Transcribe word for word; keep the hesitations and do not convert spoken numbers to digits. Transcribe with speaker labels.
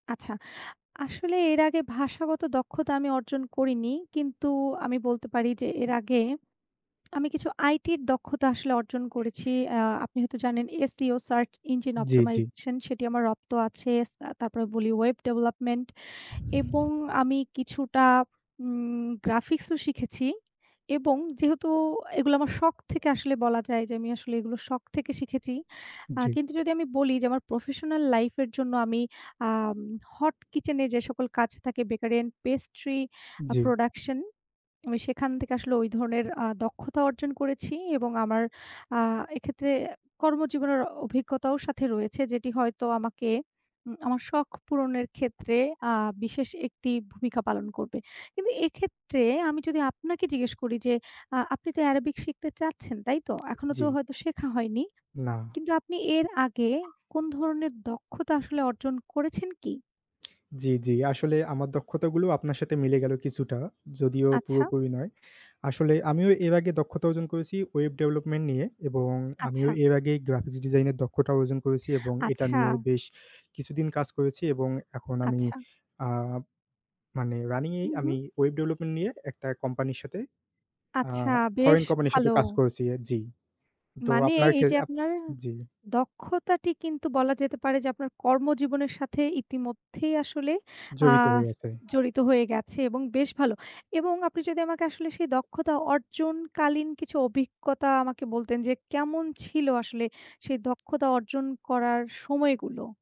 Speaker 1: আচ্ছা। আসলে এর আগে ভাষাগত দক্ষতা আমি অর্জন করিনি। কিন্তু আমি বলতে পারি যে, এর আগে আমি কিছু আইটির দক্ষতা আসলে অর্জন করেছি। আ আপনি হয়তো জানেন আ SEO সার্চ ইঞ্জিন
Speaker 2: জি, জি।
Speaker 1: অপটিমাইজেশন সেটি আমার রপ্ত আছে। এস আ তারপরে বলি ওয়েব ডেভেলপমেন্ট এবং আমি কিছুটা উম গ্রাফিক্স ও শিখেছি এবং যেহেতু এগুলা আমার শখ থেকে আসলে বলা যায় যে, আমি আসলে এগুলো শখ থেকে শিখেছি। আ
Speaker 2: জি।
Speaker 1: কিন্তু যদি আমি বলি যে, আমার প্রফেশনাল লাইফের জন্য আমি আম হট কিচেনে যে, সকল কাজ থাকে বেকারি অ্যান্ড পেস্ট্রি আ
Speaker 2: জি।
Speaker 1: প্রোডাকশন আমি সেখান থেকে আসলে ঐ ধরনের আ দক্ষতা অর্জন করেছি এবং আমার আ এক্ষেত্রে অ্যা কর্মজীবনের অ অভিজ্ঞতাও সাথে রয়েছে যেটি হয়তো আমাকে উম আমার শখ পূরণের ক্ষেত্রে আ বিশেষ একটি ভূমিকা পালন করবে। কিন্তু এক্ষেত্রে আমি যদি আপনাকে জিজ্ঞেস করি যে, আ আপনি তো arabic শিখতে চাচ্ছেন, তাই তো? এখনো
Speaker 2: জি।
Speaker 1: তো হয়তো শেখা হয়নি।
Speaker 2: না।
Speaker 1: কিন্তু আপনি এর আগে কোন ধরনের দক্ষতা আসলে অর্জন করেছেন কি?
Speaker 2: জি, জি। আসলে আমার দক্ষতা গুলো আপনার সাথে মিলে গেল কিছুটা। যদিও
Speaker 1: আচ্ছা।
Speaker 2: পুরোপুরি নয়। আসলে আমিও এর আগে দক্ষতা অর্জন করেছি ওয়েব ডেভেলপমেন্ট নিয়ে এবং আমিও
Speaker 1: আচ্ছা।
Speaker 2: এর আগে গ্রাফিক্স ডিজাইনের দক্ষটা অর্জন করেছি এবং এটা
Speaker 1: আচ্ছা।
Speaker 2: নিয়ে বেশ কিছুদিন কাজ করেছি এবং এখন আমি।
Speaker 1: আচ্ছা।
Speaker 2: আ মানে রানিং এই
Speaker 1: হুম,
Speaker 2: আমি
Speaker 1: হুম।
Speaker 2: ওয়েব ডেভেলপমেন্ট নিয়ে একটা কোম্পানির সাথে আ
Speaker 1: আচ্ছা, বেশ
Speaker 2: ফরেন কোম্পানির
Speaker 1: ভালো।
Speaker 2: সাথে কাজ করেছি জি। তো
Speaker 1: মানে
Speaker 2: আপনার
Speaker 1: এই
Speaker 2: ক্ষে
Speaker 1: যে,
Speaker 2: আপ
Speaker 1: আপনার
Speaker 2: জি।
Speaker 1: দক্ষতাটি কিন্তু বলা যেতে পারে যে, আপনার কর্মজীবনের সাথে ইতিমধ্যেই আসলে আ
Speaker 2: জড়িত হয়ে
Speaker 1: স
Speaker 2: আছে।
Speaker 1: জড়িত হয়ে গেছে এবং বেশ ভালো এবং আপনি যদি আমাকে আসলে সেই দক্ষতা অর্জনকালীন কিছু অভিজ্ঞতা আমাকে বলতেন, যে, কেমন ছিল আসলে সেই দক্ষতা অর্জন করার সময়গুলো?